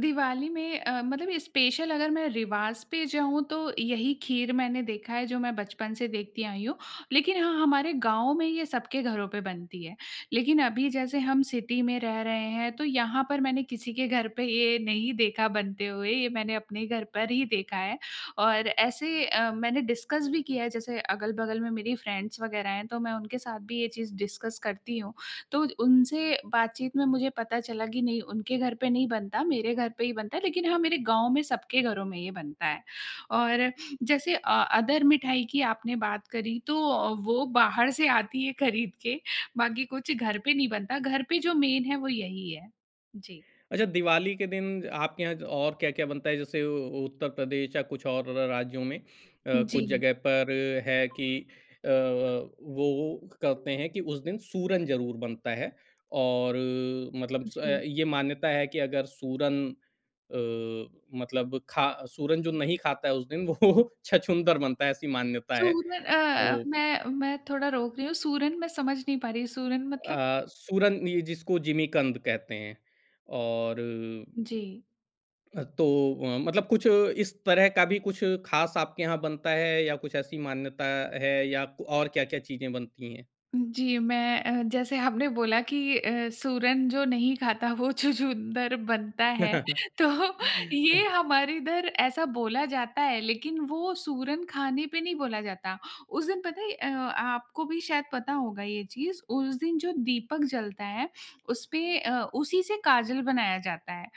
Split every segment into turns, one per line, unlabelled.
दिवाली में अ, मतलब स्पेशल अगर मैं रिवाज़ पे जाऊँ तो यही खीर मैंने देखा है जो मैं बचपन से देखती आई हूँ। लेकिन हाँ, हमारे गाँव में ये सबके घरों पे बनती है। लेकिन अभी जैसे हम सिटी में रह रहे हैं तो यहाँ पर मैंने किसी के घर पे ये नहीं देखा बनते हुए। ये मैंने अपने घर पर ही देखा है। और ऐसे अ, मैंने डिस्कस भी किया है, जैसे अगल-बगल में मेरी फ़्रेंड्स वग़ैरह हैं तो मैं उनके साथ भी ये चीज़ डिस्कस करती हूँ। तो उ उनसे बातचीत में मुझे पता चला कि नहीं उनके घर पे नहीं बनता, मेरे घर पे ही बनता है, लेकिन हाँ मेरे गाँव में सबके घरों में ये बनता है। और जैसे अ, अदर मिठाई की आपने बात करी तो वो बाहर से आती है ख़रीद के, बाकी कुछ घर पे नहीं बनता, घर पे जो मेन है वो यही है। जी।
अच्छा दिवाली के दिन आपके यहाँ ज और क्या-क्या बनता है? जैसे उ उत्तर प्रदेश या कुछ और र राज्यों में अ,
उ,
कुछ
जी।
ज़गह पर है कि अ अ, वो वो करते हैं कि उस दिन सूरन ज़रूर बनता है। और अ, मतलब स
जी।
ये मान्यता है कि अगर सूरन अ, मतलब खा सूरन जो नहीं खाता है उस दिन वो छछूंदर बनता है, ऐसी मान्यता है।
सूर अ,
तो
मैं मैं थोड़ा रोक रही हूँ। सूरन मैं समझ नहीं पा रही, सूरन मतलब?
अ, सूरन ये जिसको जिमीकंद कहते हैं, और
जी।
अ, तो अ, मतलब कुछ इस तरह का भी कुछ ख़ास आपके यहाँ बनता है या कुछ ऐसी मान्यता है या क और क्या-क्या चीज़ें बनती हैं?
जी, मैं अ, जैसे आपने बोला कि अ, सूरन जो नहीं खाता वो छछूंदर बनता है। तो ये हमारे इधर ऐसा बोला जाता है, लेकिन वो सूरन खाने पे नहीं बोला जाता। उस दिन पता है अ, आपको भी शायद पता होगा ये चीज़, उस दिन जो दीपक जलता है उसपे अ, उसी से काजल बनाया जाता है।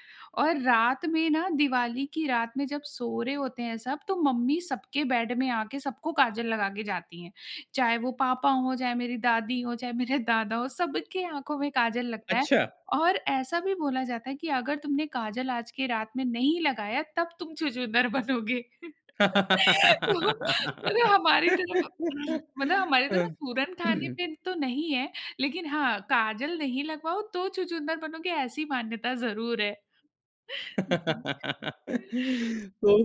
और रात में ना दिवाली की रात में जब सो रहे होते हैं सब तो मम्मी सबके बेड में आके सबको काजल लगा के जाती हैं। चाहे वो पापा हो, चाहे मेरी दादी हो, चाहे मेरे दादा हो सबके आँखों में काजल लगता है।
अच्छा।
और ऐसा भी बोला जाता है कि अगर तुमने काजल आज के रात में नहीं लगाया तब तुम छछूंदर बनोगे। तो मतलब हमारी तरफ मतलब हमारी तरफ सूरन खाने पे तो नहीं है। लेकिन हाँ, काजल नहीं लगवाओ तो छछूंदर बनोगे ऐसी मान्यता ज़रूर है।
तो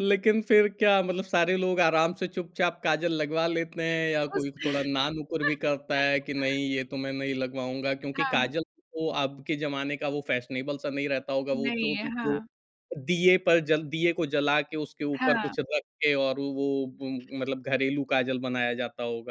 लेकिन फिर क्या मतलब सारे लोग आराम से चुपचाप काजल लगवा लेते हैं? या
उस
कोई थोड़ा ना-नुकुर भी करता है कि नहीं ये तो मैं नहीं लगवाऊँगा? क्योंकि
हाँ।
काजल तो अब के जमाने का वो फ़ैशनेबल सा नहीं रहता होगा। वो
नहीं
जो
है,
द जो
हाँ।
दीये पर जल दीये को जला के उसके ऊपर
हाँ।
कुछ रख के और वो उम, मतलब घरेलू काजल बनाया जाता होगा।